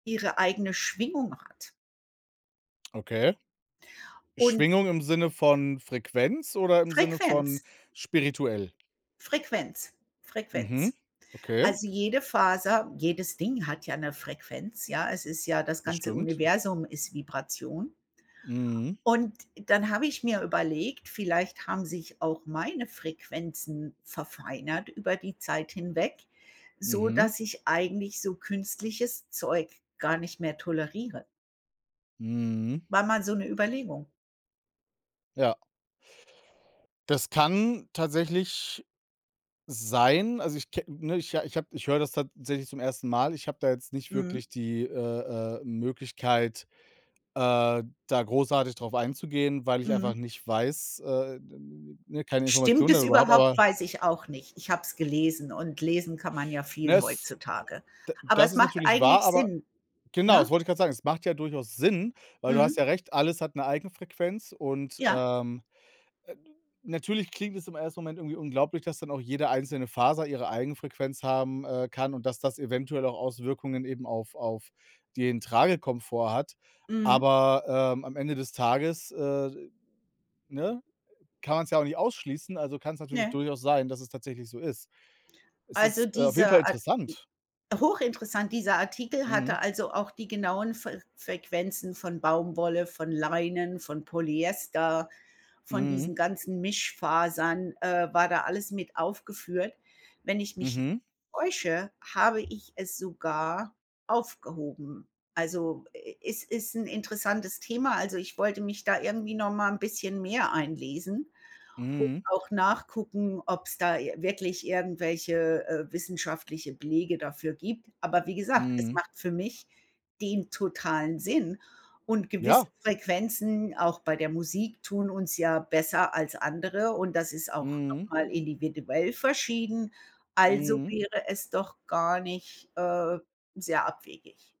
ihre eigene Schwingung hat. Okay. Und Schwingung im Sinne von Frequenz oder im Sinne von Frequenz. spirituell? Frequenz, Mhm, Frequenz. okay. Also, jede Faser, jedes Ding hat ja 'ne Frequenz, ja? Es ist ja das Das ganze stimmt. Universum ist Vibration. Mhm. Und dann habe ich mir überlegt, vielleicht haben sich auch meine Frequenzen verfeinert über die Zeit hinweg, so Mhm. dass ich eigentlich so künstliches Zeug gar nicht mehr toleriere. Mhm. War mal so 'ne Überlegung. Ja. Das kann tatsächlich sein. Also, ich ke ne, ich ha ich habe ich höre das tatsächlich zum 1. Mal. Ich habe da jetzt nicht Mhm. wirklich die, äh, äh, Möglichkeit, äh, da großartig darauf einzugehen, weil ich einfach Mhm. nicht weiß, äh, d n n ne, keine Stimmt Informationen es darüber habe, überhaupt? aber Weiß ich auch nicht. Ich habe es gelesen und lesen kann man ja Ne, viel es heutzutage. d Aber das es ist macht natürlich wahr, eigentlich aber Sinn, genau, das ne? wollte ich grad sagen. Es macht ja durchaus Sinn, weil du hast Mhm. ja recht, alles hat 'ne Eigenfrequenz und, Ja. ähm, äh, natürlich klingt es im 1. Moment irgendwie unglaublich, dass dann auch jede einzelne Faser ihre Eigenfrequenz haben, äh, kann und dass das eventuell auch Auswirkungen eben auf auf den Tragekomfort hat. Mhm. Aber, ähm, am Ende des Tages, äh, ne, äh, kann man's ja auch nicht ausschließen, also kann's natürlich Ne. durchaus sein, dass es tatsächlich so ist. Es Also ist, äh, auf jeden Fall dieser Ar i interessant. hochinteressant, dieser Artikel hatte Mhm. also auch die genauen Fer Frequenzen von Baumwolle, von Leinen, von Polyester, von Mhm. diesen ganzen Mischfasern äh, war da alles mit aufgeführt. Wenn ich mich n Mhm. täusche, habe ich es sogar aufgehoben. Also, e es ist 'n interessantes Thema. Also, ich wollte mich da irgendwie noch mal 'n bisschen mehr einlesen und Mhm. auch nachgucken, ob's da ir wirklich irgendwelche, äh, wissenschaftliche Belege dafür gibt. Aber wie gesagt, es Mhm. macht für mich den totalen Sinn, und gewisse Ja. Frequenzen auch bei der Musik tun uns ja besser als andere, und das ist auch noch Mhm. mal individuell verschieden. Also, Mhm. wäre es doch gar nicht, äh, sehr abwegig.